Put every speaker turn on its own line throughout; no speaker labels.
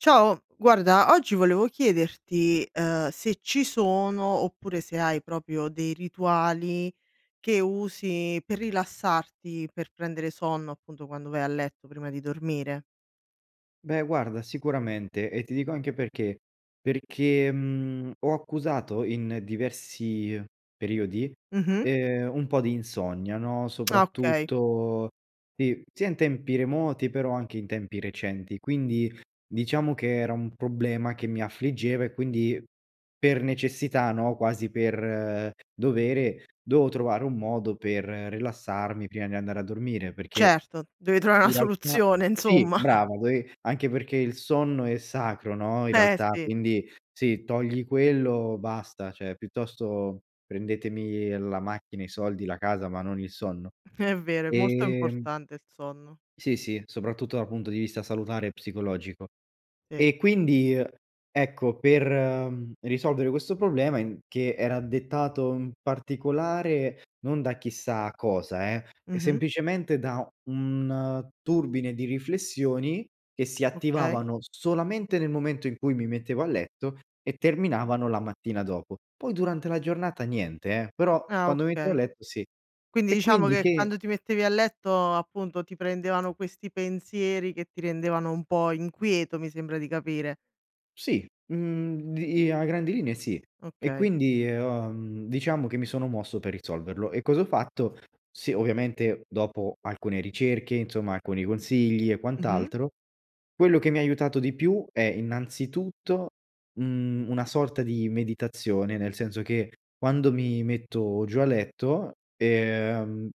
Ciao, guarda oggi volevo chiederti, uhm, se ci sono, oppure se hai proprio dei rituali che usi per rilassarti, per prendere sonno, appunto quando vai a letto prima di dormire?
Beh guarda, sicuramente e ti dico anche perché. Perché, mhmm, ho accusato in diversi periodi,
Mh-mh.
ehm, un po’ di insonnia, no,
Ah okay.
soprattutto si sia in tempi remoti però anche in tempi recenti, quindi diciamo che era un problema che mi affliggeva e quindi per necessità, no, quasi per dovere, dovevo trovare un modo per rilassarmi prima di andare a dormire perché
Certo, devi travare
in
una
realtà
soluzione
sì,
insomma.
brava dove anche perché il sonno è sacro, no, in
Beh,
realtà
sì.
quindi, se togli quello basta cioè piuttosto prendetemi la macchina, i soldi, la casa, ma non il sonno,
È vero, è molto
ehm
importante il sonno.
Sì, sì soprattutto dal punto di vista salutare e psicologico.
Sì.
E quindi, ecco, per, ehm, risolvere questo problema in che era dettato in particolare non da chissà cosa eh,
Mh-mh.
semplicemente da un turbine di riflessioni che si
Okay.
attivavano solamente nel momento in cui mi mettevo a letto e terminavano la mattina dopo, poi durante la giornata niente eh, però
Ah
quando mi mettevo a
okay.
letto sì,
Quindi
e
diciamo
quindi
che
che
quando ti mettevi a letto, appunto, ti prendevano questi pensieri che ti rendevano un po’ inquieto, mi sembra di capire.
Sì, mhmm, di a grandi linee sì, e
Okay.
quindi, ehm, uhm, diciamo che mi sono mosso per risolverlo e cosa ho fatto? Sì, ovviamente dopo alcune ricerche insomma, alcuni consigli e
Mh-mh.
quant’altro, quello che mi ha aiutato di più è innanzitutto un una sorta di meditazione, nel senso che quando mi metto giù a letto, ehm,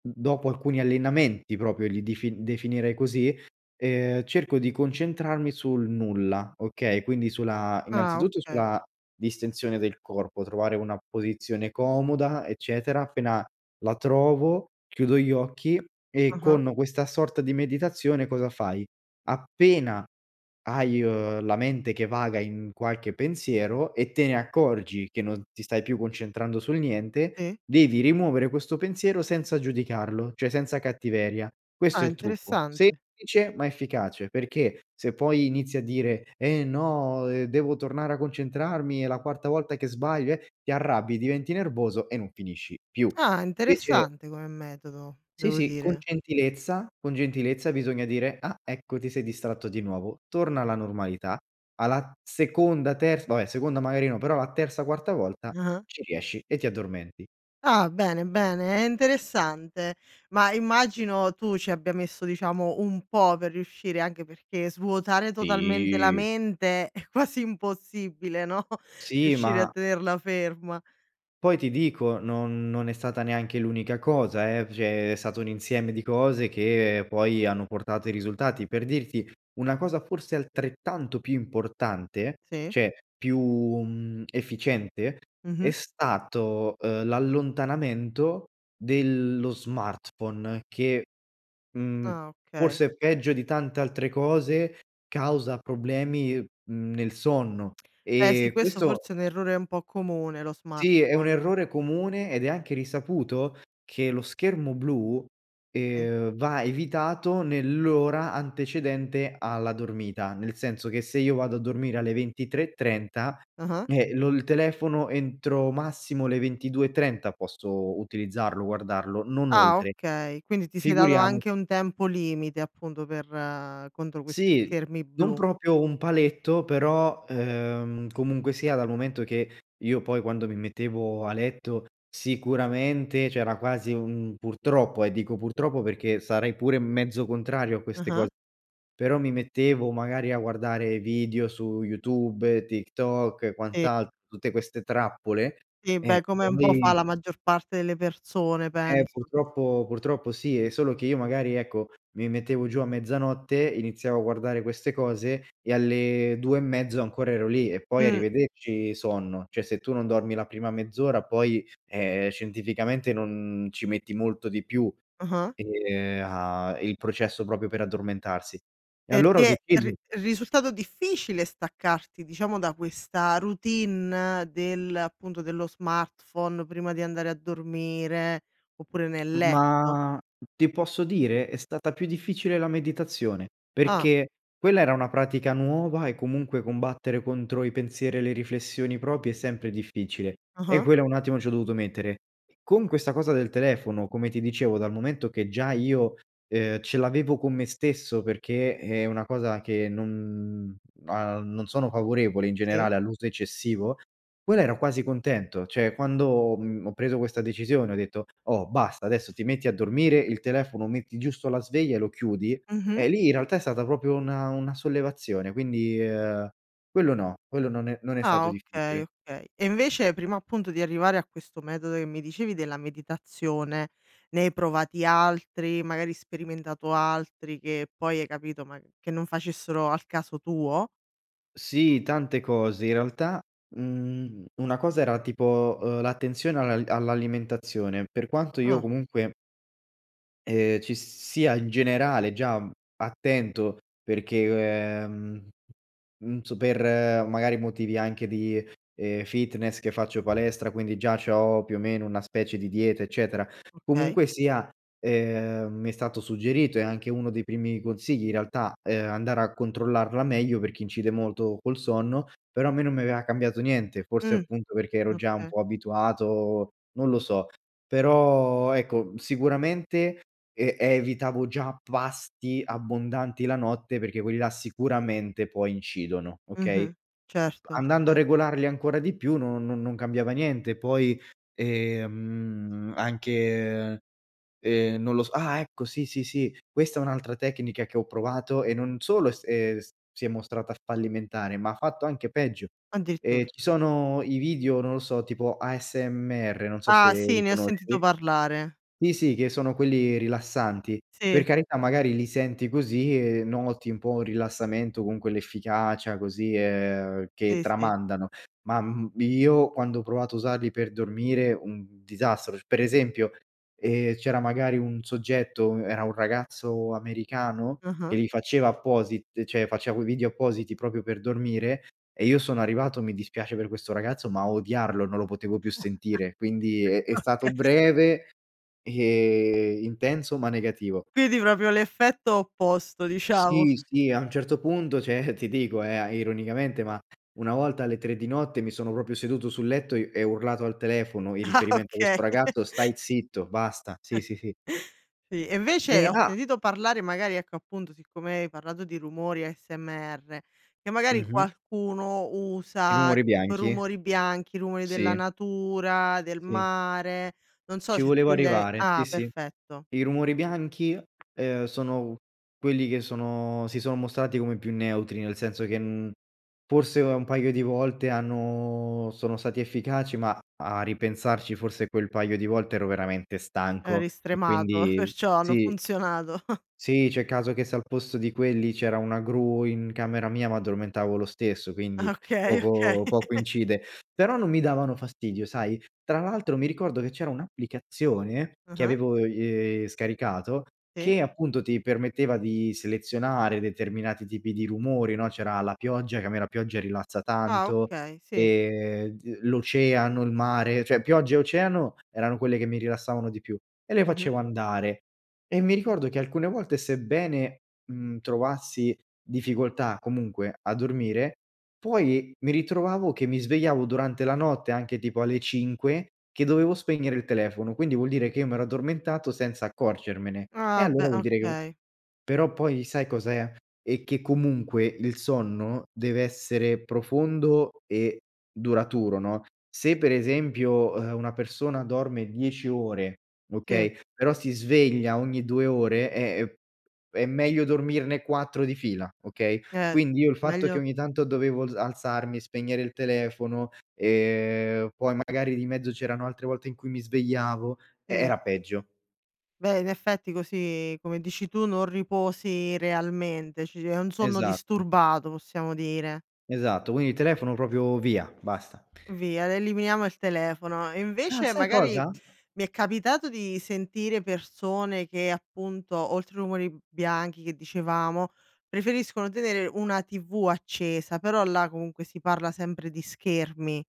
dopo alcuni allenamenti proprio li dif definirei così, ehm, cerco di concentrarmi sul nulla, okay, quindi sulla
Ah,
innanzitutto
okay.
sulla distensione del corpo, trovare una posizione comoda, eccetera, appena la trovo chiudo gli occhi e
Ah-ah.
con questa sorta di meditazione cosa fai? Appena hai, uhm, la mente che vaga in qualche pensiero e te ne accorgi che non ti stai più concentrando sul niente,
Sì.
devi rimuovere questo pensiero senza giudicarlo, cioè senza cattiveria, questo
Ah
è il trucco,
interessante.
semplice ma efficace, perché se poi inizi a dire: “Eh no, ehm, devo tornare a concentrarmi, è la quarta volta che sbaglio, eh” ti arrabbi diventi nervoso e non finisci più,
Ah
invece
interessante come metodo,
Sì,
devo
sì con
dire.
gentilezza, con gentilezza bisogna dire: “Ah ecco ti sei distratto di nuovo, torna alla normalità”. Alla seconda, terz vabbè seconda magari no, però la terza, quarta volta,
Ah-ah.
ci riesci e ti addormenti.
Ah bene, bene, è interessante. Ma immagino tu ci abbia messo diciamo un po’ per riuscire, anche perché svuotare totalmente la
Sì.
mente è quasi impossibile, no,
Sì
riuscire a
ma
tenerla ferma.
Poi ti dico non non è stata neanche l’unica cosa eh, cioè è stato un insieme di cose che poi hanno portato i risultati. Per dirti, una cosa forse altrettanto più importante,
Sì.
cioè più, mhmm, efficiente
Mh
è
mh.
stato, uhm, l’allontanamento dello smartphone che, mhmm,
Ah okay.
forse peggio di tante altre cose, causa problemi, uhm, mhmm, nel sonno
Eh sì,
e
questo
questo
forse è un errore un po’ comune, lo
Sì, è un
smartphone.
errore comune ed è anche risaputo che lo schermo blu,
Okay.
ehm, va evitato nell’ora antecedente alla dormita, nel senso che se io vado a dormire alle 23.30
Ah ah.
Eh lo il telefono entro massimo le 22.30 posso utilizzarlo, guardarlo, non
Ah
oltre,
okay, quindi ti sei dato anche
figuriamoci
un tempo limite appunto per contro questi
Sì,
schermi
non
blu.
proprio un paletto però, ehm, comunque sia dal momento che io poi quando mi mettevo a letto sicuramente c’era quasi un purtroppo eh, dico purtroppo perché sarei pure m mezzo contrario a queste
Ah-ah.
cose, però mi mettevo magari a guardare video su YouTube, TikTok e
Sì.
quant’altro tutte queste trappole,
Sì,
eh
beh come un po’ fa
poi
la maggior parte delle persone,
Eh
penso.
purtroppo purtroppo sì è solo che io magari, ecco, mi mettevo giù a mezzanotte, iniziavo a guardare queste cose e alle 2 e mezzo ancora ero lì e poi
Mh.
arrivederci sonno, cioè se tu non dormi la prima mezz’ora poi, ehm, scientificamente non ci metti molto di più,
Ah ah.
ehm, a il processo proprio per addormentarsi, e
Per
allora ho
te
deciso
ri risultato difficile staccarti diciamo da questa routine del appunto dello smartphone prima di andare a dormire, oppure nel letto?
Ma ti posso dire? È stata più difficile la meditazione
Ah.
perché quella era una pratica nuova e comunque combattere contro i pensieri e le riflessioni proprie è sempre difficile e
Ah-ah.
quella un attimo ci ho dovuto mettere. Con questa cosa del telefono, come ti dicevo dal momento che già io, ehm, ce l’avevo con me stesso perché è una cosa che non uhm, non sono favorevole in
Sì.
generale all’uso eccessivo, quella ero quasi contento cioè quando, mhmm, ho preso questa decisione, ho detto: “Oh basta, adesso ti metti a dormire, il telefono metti giusto la sveglia e lo chiudi”
Mh-mh.
eh, lì in realtà è stata proprio una una sollevazione, quindi, ehm, quello no quello non è non è
Ah
stato
okay,
difficile.
okay. E invece, prima appunto di arrivare a questo metodo che mi dicevi della meditazione, ne hai provati altri, magari sperimentato altri che poi hai capito ma che non facessero al caso tuo?
Sì, tante cose, in realtà, mhmm, una cosa era tipo, uhm, l’attenzione alla all’alimentazione, per quanto io
Ah.
comunque ehm, ci sia in generale già attento, perché, ehm, mhmm, n su per magari motivi anche di, ehm, fitness che faccio palestra quindi già c’ho più o meno una specie di dieta, eccetera,
Okay.
comunque sia, ehm, mi è stato suggerito e è anche uno dei primi consigli in realtà, ehm, andare a controllarla meglio perché incide molto col sonno, però a me non mi aveva cambiato niente, forse
Mh,
appunto perché ero già un
okay.
po’ abituato, non lo so, però ecco, sicuramente e evitavo già pasti abbondanti la notte, perché quelli là sicuramente poi incidono, okay,
Mh-mh, certo,
andando a
cer
regolarli ancora di più no non non cambiava niente poi, ehm, anche, ehm, non lo s ah ecco sì, sì, sì questa è un'altra tecnica che ho provato e non solo s ehm, si è mostrata fallimentare, ma ha fatto anche peggio, ehm,
Addirittura.
ci sono i video, non lo so, tipo ASMR non so
Ah
se
sì
li
ne ho sentito
conosci.
parlare.
Sì, sì che sono quelli rilassanti, per
Sì.
carità magari li senti così e noti un po' rilassamento, con quell'efficacia così, ehm, che
Sì, sì.
tramandano, ma m io quando ho provato a usarli per dormire, un disastro sc per esempio, ehm, c'era magari un soggetto, era un ragazzo americano che
Ah-ah.
li faceva apposit cioè, faceva quei video appositi proprio per dormire e io sono arrivato, mi dispiace per questo ragazzo, ma a odiarlo, non lo potevo più sentire quindi è è
Oka
stato breve e intenso ma negativo.
Quindi proprio l'effetto opposto, diciamo.
Sì, sì a un certo punto cioè, ti dico eh, ironicamente ma una volta alle 3 di notte mi sono proprio seduto sul letto e e ho urlato al telefono in
Ah
riferimento a
okay.
questo ragazzo: “Stai zitto, basta”. Sì, sì, sì.
Sì. E invece
Eh,
ho
ah
sentito parlare magari, ecco, appunto siccome hai parlato di rumori ASMR, che
Mh
magari
mh.
qualcuno
I
usa,
rumori
tipo,
bianchi.
rumori bianchi, rumori della
Sì.
natura, del
Sì.
mare, non so
Ci
se
volevo
tu gli hai
arrivare, sì,
ah
sì
perfetto.
i rumori bianchi, uhm, sono quelli che sono si son mostrati come più neutri, nel senso che, mhmm, forse un paio di volte hanno sono stati efficaci ma a a ripensarci forse quel paio di volte ero veramente stanco
Eri
e
stremato,
quindi,
perciò hanno
sì
funzionato.
Sì, c’è il caso che se al posto di quelli c’era una gru in camera mia mi addormentavo lo stesso,
Ah
quindi
okay, okay.
poco poco incide, però non mi davano fastidio sai, tra l’altro mi ricordo che c’era un’applicazione
Ah
che
ah.
avevo i ehm, scaricato,
Sì.
che appunto ti permetteva di selezionare determinati tipi di rumori, no, c’era la pioggia, che a me la pioggia rilassa
Ah
tanto,
okay sì.
ehm, d l’oceano, il mare, cioè pioggia e oceano erano quelle che mi rilassavano di più, e le
Mh-mh.
facevo andare, e mi ricordo che alcune volte, sebbene, mhmm, trovassi difficoltà comunque a dormire, poi mi ritrovavo che mi svegliavo durante la notte, anche tipo alle 5 che dovevo spegnere il telefono, quindi vuol dire che io mi ero addormentato senza accorgermene e
Ah
allora
beh,
vuol dire che
okay.
però poi sai cos’è, è che comunque il sonno deve essere profondo e duraturo, no, se per esempio, uhm, una persona dorme 10 ore,
Sì.
okay però si sveglia ogni 2 ore, è è è meglio dormirne 4 di fila, okay,
Eh,
quindi io il fatto che
meglio
ogni tanto dovevo alz alzarmi, spegnere il telefono, ehm, poi magari di mezzo c’erano altre volte in cui mi svegliavo, eh,
Sì.
era peggio.
Beh in effetti così come dici tu, non riposi realmente ci è un sonno
Esatto.
disturbato, possiamo dire.
Esatto. Quindi telefono proprio via, basta.
Via l eliminiamo il telefono. E
Ah,
invece,
sai
magari,
cosa?
mi è capitato di sentire persone che appunto oltre i rumori b bianchi che dicevamo, preferiscono tenere una TV accesa, però là comunque si parla sempre di schermi,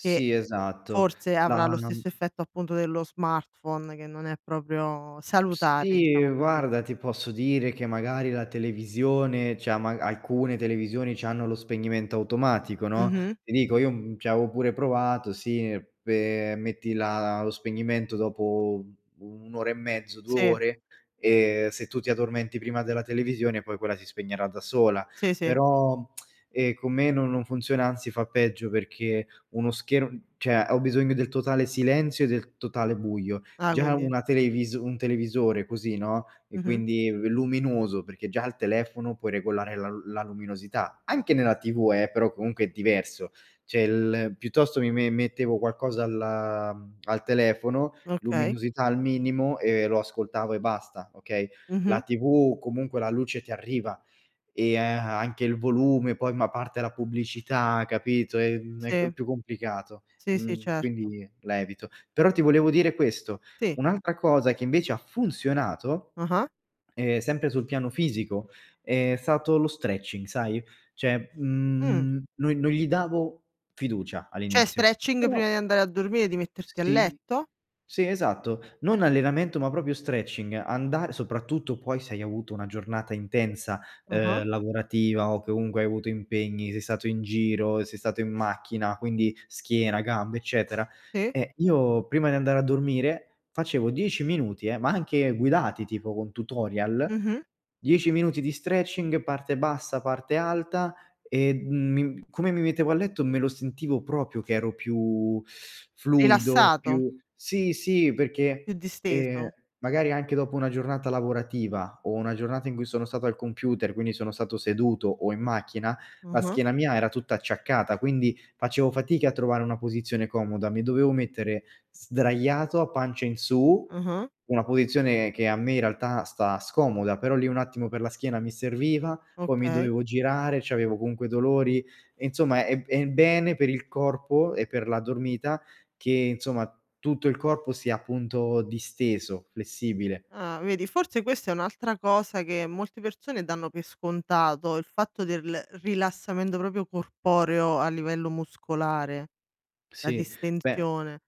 che
esatto
forse avrà
no
lo
non
stesso effetto appunto dello smartphone, che non è proprio salutare,
Sì,
diciamo così.
guarda ti posso dire che magari la televisione, cioè ma a alcune televisioni c’hanno lo spegnimento automatico, no?
Mh-mh.
Ti dico io, mhmm, ci avevo pure provato sì pe metti la lo spegnimento dopo u un'ora e mezzo, 2
Sì.
ore, e se tu ti addormenti prima della televisione poi quella si spegnerà da sola
Sì, sì.
però, ehm, con me no non funziona, anzi fa peggio perché uno scher cioè, ho bisogno del totale silenzio e del totale buio,
Ah,
già
quindi
una televis un televisore così, no, è
Mh-mh.
quindi luminoso, perché già al telefono puoi regolare la l la luminosità, anche nella TV eh, però comunque è diverso, cioè l piuttosto mi me mettevo qualcosa al al telefono,
Okay.
luminosità al minimo e lo ascoltavo e basta, okay, la
Mh-mh.
TV comunque la luce ti arriva e a anche il volume, poi ma parte la pubblicità, capito, ehm, è c
Sì.
più complicato,
Sì, sì
mhmm,
certo.
quindi la evito. Però ti volevo dire questo,
Sì.
un’altra cosa che invece ha funzionato,
Ah-ah.
ehm, sempre sul piano fisico è stato lo stretching sai, cioè,
Mh.
mhmm, non non gli davo fiducia
Cioè,
all’inizio,
stretching
però
prima di andare a dormire? Di metterti a
Sì,
letto?
sì esatto, non allenamento, ma proprio stretching, andare soprattutto poi se hai avuto una giornata intensa,
Ah-ah.
uhm, lavorativa o che comunque hai avuto impegni, sei stato in giro, sei stato in macchina, quindi schiena, gambe, eccetera,
Sì.
e io prima di andare a dormire facevo 10 minuti eh, ma anche guidati, tipo con tutorial,
Mh-mh.
10 minuti di stretching, parte bassa, parte alta, e m come mi mettevo a letto, me lo sentivo proprio che ero più fluido,
Rilassato.
più sì, sì,
Più
perché, ehm,
disteso.
magari anche dopo una giornata lavorativa o una giornata in cui sono stato al computer, quindi sono stato seduto o in macchina, la
Mh-mh.
schiena mia era tutta acciaccata, quindi facevo fatica a trovare una posizione comoda, mi dovevo mettere sdraiato a pancia in su,
Mh-mh.
una posizione che a me in realtà sta scomoda, però lì un attimo per la schiena mi serviva, poi mi
Okay.
dovevo girare, c’avevo comunque dolori e insomma è è è bene per il corpo e per la dormita che insomma, tutto il corpo sia appunto disteso, flessibile.
Ah, vedi forse questa è un'altra cosa che molte persone danno per scontato, il fatto del rilassamento proprio corporeo a livello muscolare, la
Sì, beh,
distensione.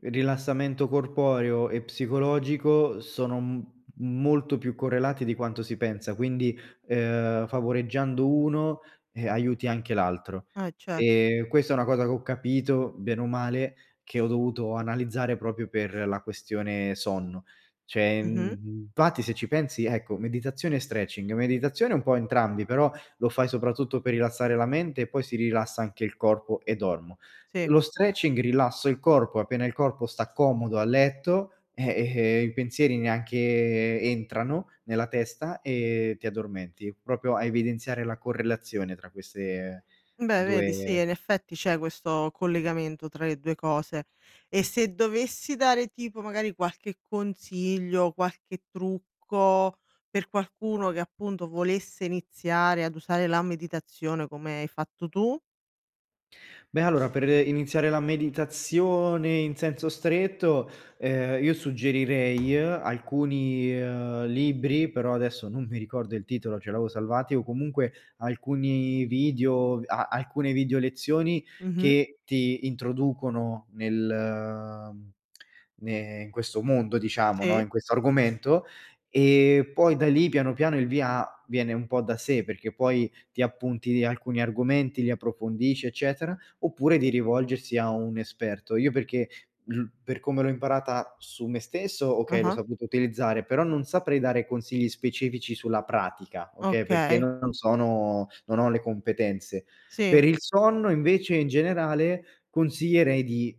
rilassamento corporeo e psicologico sono m molto più correlati di quanto si pensa, quindi, uhm, favoreggiando uno, ehm, aiuti anche l’altro,
Eh certo.
e questa è una cosa che ho capito, bene o male, che ho dovuto analizzare proprio per la questione sonno. Cioè,
Mh-mh.
mhmm, infatti se ci pensi ecco, meditazione e stretching, meditazione è un po’ entrambi, però lo fai soprattutto per rilassare la mente e poi si rilassa anche il corpo e dormo.
Sì.
Lo stretching, rilasso il corpo, appena il corpo sta comodo a letto, eh, ehm, i pensieri neanche entrano nella testa e ti addormenti, proprio a evidenziare la correlazione tra queste
Beh vedi sì,
2
in effetti c'è questo collegamento tra le 2 cose. E se dovessi dare, tipo, magari qualche consiglio, qualche trucco per qualcuno che appunto volesse iniziare ad usare la meditazione come hai fatto tu?
Beh allora, per iniziare la meditazione in senso stretto, ehm, io suggerirei alcuni, uhm, libri, però adesso non mi ricordo il titolo, ce l’avevo salvati, o comunque alcuni video, ve a alcune videolezioni,
Mh-mh.
che ti introducono nel mhmm, ne in questo mondo diciamo, no,
Sì.
in questo argomento, e poi da lì piano piano il via viene un po’ da sé, perché poi ti appunti alcuni argomenti, li approfondisci, eccetera, oppure di rivolgersi a un esperto. Io perché ru per come l’ho imparata su me stesso, okay, l’ho
Ah-ah.
saputa utilizzare, però non saprei dare consigli specifici sulla pratica, okay, perché
Okay.
non sono non ho le competenze.
Sì.
Per il sonno invece in generale consiglierei di,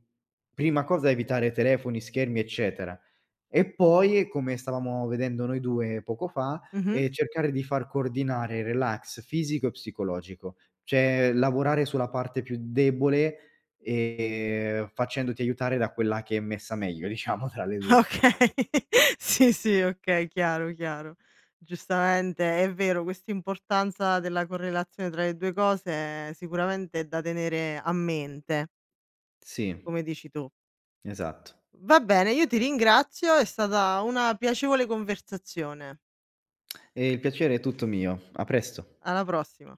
prima cosa, evitare telefoni, schermi, eccetera, e poi, come stavamo vedendo noi 2 poco fa,
Mh mh.
ehm, cercare di far coordinare relax fisico e psicologico, cioè lavorare sulla parte più debole, ehm, facendoti aiutare da quella che è messa meglio, diciamo tra le 2.
Okay, sì, sì okay, chiaro, chiaro, giustamente è vero quest'importanza della correlazione tra le 2 cose sicuramente è da tenere a mente.
Sì.
Come dici tu.
Esatto.
Va bene, io ti ringrazio è stata una piacevole conversazione.
E il piacere è tutto mio, a presto.
Alla prossima.